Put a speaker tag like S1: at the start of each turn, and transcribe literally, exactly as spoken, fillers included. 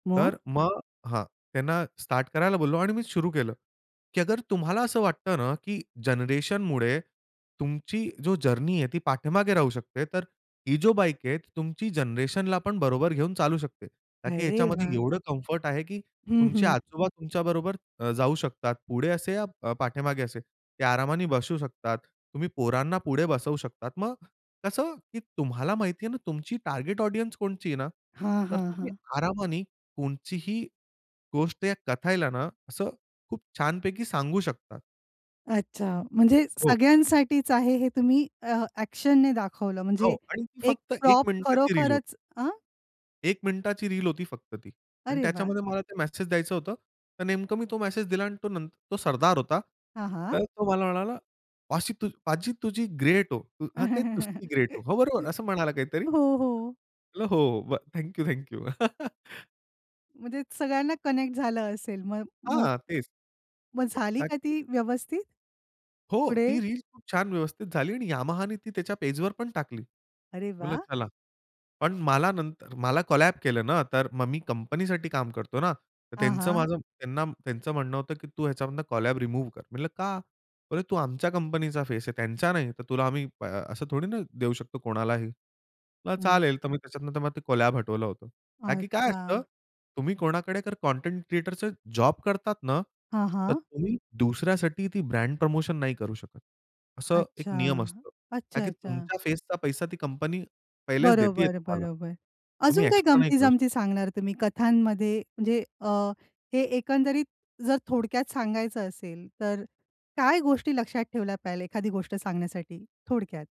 S1: तर
S2: मग?
S1: मग हां. त्यांना स्टार्ट करायला बोललो आणि मी सुरू केलं, की अगर तुम्हाला असं वाटतं ना की जनरेशनमुळे तुमची जो जर्नी आहे ती पाठीमागे राहू शकते तर, ही जो बाईक आहे तुमची जनरेशनला पण बरोबर घेऊन चालू शकते. कारण की
S2: अरे
S1: ह्याच्यामध्ये
S2: वाह!
S1: एवढं कम्फर्ट आहे की
S2: हं,
S1: तुमचे
S2: हं.
S1: आजोबा तुमच्याबरोबर अ, जाऊ शकतात. पुढे असे या पाठीमागे असे ते आरामाने बसू शकतात. तुम्ही पोरांना पुढे बसवू शकतात मग कसं, की तुम्हाला माहिती आहे ना तुमची टार्गेट ऑडियन्स कोणची आहे ना.
S2: हां,
S1: तर
S2: हां,
S1: तुम्ही
S2: हां.
S1: आरामानी कोणचीही गोष्ट या कथाला ना, असं खूप छानपैकी सांगू शकता.
S2: अच्छा. म्हणजे
S1: हो.
S2: सगळ्यांसाठीच आहे हे तुम्ही अ, ॲक्शनने दाखवलं म्हणजे,
S1: हो. आणि ती
S2: एक
S1: फक्त एक
S2: प्रॉप
S1: मिनिटाची रील होती.
S2: खरोखरच अ
S1: एक मिनिटाची रील होती फक्त ती. आणि
S2: अरे वाह!
S1: त्याच्यामध्ये मला ते मेसेज द्यायचं होतं. तर नेमकं मी तो मेसेज दिला आणि तो नं तो सरदार होता.
S2: हां, हां.
S1: तर तो मला म्हणाला "पाशी पाजी तुझी ग्रेट हो!" तू हां, तेच. "तुस्सी ग्रेट हो!" हो. बरोबर. असं म्हणाला काहीतरी.
S2: हो, हो.
S1: म्हणल "हो, हो. Thank you, thank you."
S2: म्हणजे सगळ्यांना कनेक्ट झालं असेल म मग.
S1: हां, तेच.
S2: मग झाली
S1: का
S2: का
S1: की
S2: ती व्यवस्थित?
S1: हो. ती
S2: पुढे?
S1: रील्स खूप छान व्यवस्थित झाली आणि Yamahaनी ती त्याच्या पेजवर पण टाकली.
S2: अरे
S1: मी म्हटलं
S2: वाह!
S1: चला. पण मला नंतर मला कोलॅब केलं ना, तर मग मी कंपनीसाठी काम करतो ना. तर
S2: हां,
S1: त्यांचं
S2: हां.
S1: माझं त्यांना त्यांचं म्हणणं होतं की "तू ह्याच्यामधनं कोलॅब रिमूव्ह कर." म्हटलं, "का?" बोलले, "अरे! तू आमच्या कंपनीचा फेस आहे, त्यांचा नाही, तर तुला आ आम्ही ब अ, असं थोडी ना देऊ शकतो कोणालाही." म्हंल
S2: हं.
S1: "चालेल!" तर मी त्याच्यात नंतर मला ते कोलॅब हटवलं होतं. का की काय असतं
S2: अच्छा.
S1: तुम्ही कोणाकडे तर कंटेंट क्रिएटरचे जॉब करतात ना.
S2: हां,
S1: तर
S2: हां.
S1: तुम्ही दुसऱ्यासाठी ती ब्रँड प्रमोशन नाही करू शकत. असं एक
S2: अच्छा.
S1: नियम असतो. का की
S2: अच्छा-अच्छा.
S1: तुमच्या फेसचा पैसा ती कंपनी पहिलेच देतेय
S2: बरोबर,
S1: तुम्हाला.
S2: बरोबर.
S1: तो
S2: अजून काही
S1: एक्स्ट्रा नाही करू शकतं.
S2: गमती-जमती सांगणार तुम्ही कथांमध्ये? म्हणजे अ, हे एकंदरीत जर थोडक्यात सांगायचं असेल तर, काय गोष्टी लक्षात ठेवल्या पाहिजेल एखादी गोष्ट सांगण्यासाठी थोडक्यात?